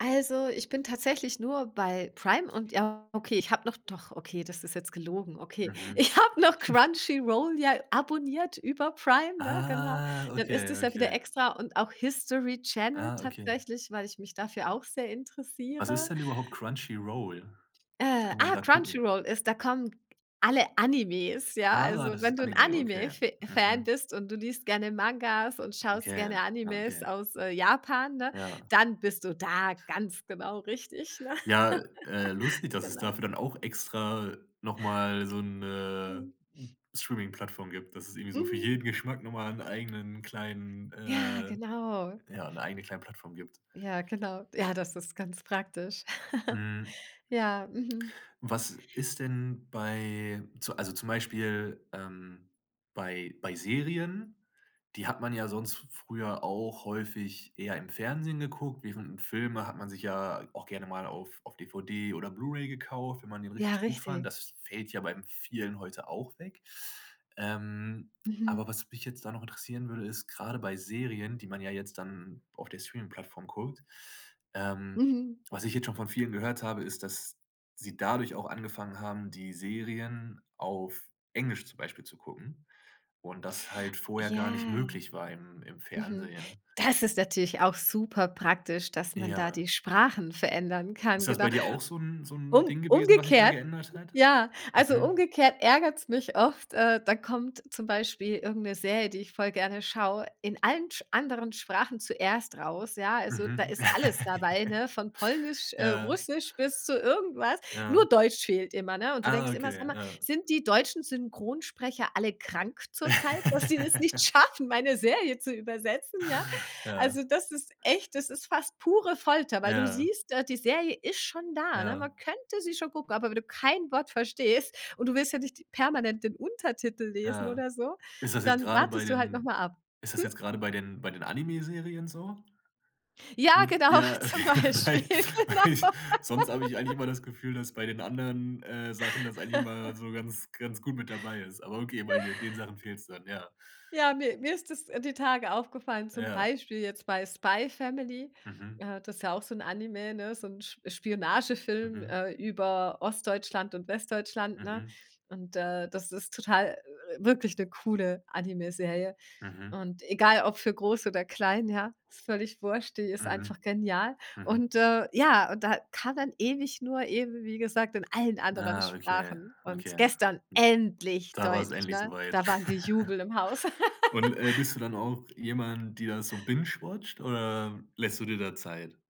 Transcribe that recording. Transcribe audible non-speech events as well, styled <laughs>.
Also, ich bin tatsächlich nur bei Prime und, ja, okay, ich habe noch doch, okay, das ist jetzt gelogen, okay. Mhm. Ich habe noch <chuckles> Crunchy Roll ja abonniert über Prime, ne, genau. Ah, Dann ist okay, es ja wieder okay. extra und auch History Channel Ah, okay. tatsächlich, weil ich mich dafür auch sehr Was ist interessiere. denn überhaupt Crunchy Roll? Was Äh, kann man ah, da Crunchy gucken? Roll ist da kommen alle Animes, ja, Ah, also das wenn ist du 'n Anime, Anime okay. Fa Fan Mhm. bist, und du liest gerne Mangas und schaust Okay, gerne ah, Animes okay. aus, äh, Japan, ne, Ja. dann bist du da ganz genau richtig, ne? Ja, äh, <chuckles> lustig, dass es Genau. dafür dann auch extra noch mal so 'ne Mhm. Streamingplattform gibt, dass es irgendwie so für Mhm. jeden Geschmack noch mal 'n eigenen kleinen, Ja, äh genau. ja, 'ne eigene kleine Plattform gibt. Ja, genau. Ja, das ist ganz praktisch. <laughs> Mhm. Ja. Mhm. Was ist denn bei zu also zum Beispiel, ähm, bei bei Serien die hat man ja sonst f früher auch häufig eher im Fernsehen geguckt, während 'n Filme hat man sich ja auch gerne mal auf auf DVD oder Blu-ray gekauft, wenn man den Ja, richtig gut fand. richtig. Das fällt ja beim vielen heute auch weg. Ähm, aber Mhm. was mich jetzt da noch interessieren würde, ist, grade bei Serien, die man ja jetzt dann auf der Streamingplattform guckt, ähm, Mhm. was ich jetzt schon von vielen gehört habe, ist, dass sie dadurch auch angefangen haben, die Serien auf Englisch zum Beispiel zu gucken und das halt vorher gar nicht Ja. möglich war im im Mhm. Fernsehen. Das ist natürlich auch super praktisch, dass man da Ja. die Sprachen verändern kann, Ist das bei genau. dir auch so 'n so 'n Um Ding gewesen, was sich da umgekehrt geändert hat? Ja. Also Mhm. umgekehrt ärgert's mich oft. Äh, da kommt zum Beispiel irgend 'ne Serie, die ich voll gerne schaue, in allen sch anderen Sprachen zuerst raus, ja, also da Mhm. ist alles <laughs> dabei, ne, von polnisch, äh, Ja. russisch bis zu irgendwas. Ja. Nur deutsch fehlt immer, ne, und du Ah, denkst immer: „Sag okay. mal, Ja. sind die deutschen Synchronsprecher alle krank zurzeit, dass die das nicht <laughs> schaffen, meine Serie zu übersetzen, ja?“ Ja. Also, das ist echt das ist fast pure Folter, weil du Ja. siehst, äh, die Serie ist schon da, ne, Ja. man könnte sie schon gucken, aber wenn du kein Wort verstehst und du willst ja nicht permanent den Untertitel lesen Ja. oder so. Ist das jetzt Dann grade bei wartest du halt noch den mal ab. ist das Hm? jetzt grade bei den bei den Anime-Serien so? Ja, Hm, genau, ja, okay, zum weil Beispiel, weil genau. sonst habe ich eigentlich immer <laughs> das Gefühl, dass bei den anderen, äh, Sachen das eigentlich immer <chuckles> so ganz ganz gut mit dabei ist, aber okay, bei de den Sachen fehlt's dann, ja. Ja, ne, mir ist es die Tage aufgefallen, zum Ja. Beispiel jetzt bei „Spy Family“, Mhm. äh, das ist ja auch so 'n Anime, so 'n Sp Spionagefilm, Mhm. äh, über Ostdeutschland und Westdeutschland, ne? Mhm. Und, äh, das ist total wirklich 'ne coole Animeserie. Mhm. Und egal ob für groß oder klein, ja, ist völlig wurscht, die ist Mhm. einfach genial. Mhm. Und, äh, ja, und da kam dann ewig nur eben, wie gesagt, in allen anderen Ah, okay, Sprachen und okay. gestern endlich Da war's Deutsch, endlich so ne, weit. da war Gejubel im Haus. <chuckles> Und, äh, <laughs> bist du dann auch jemand, die da so bingewatcht, oder lässt du dir da Zeit?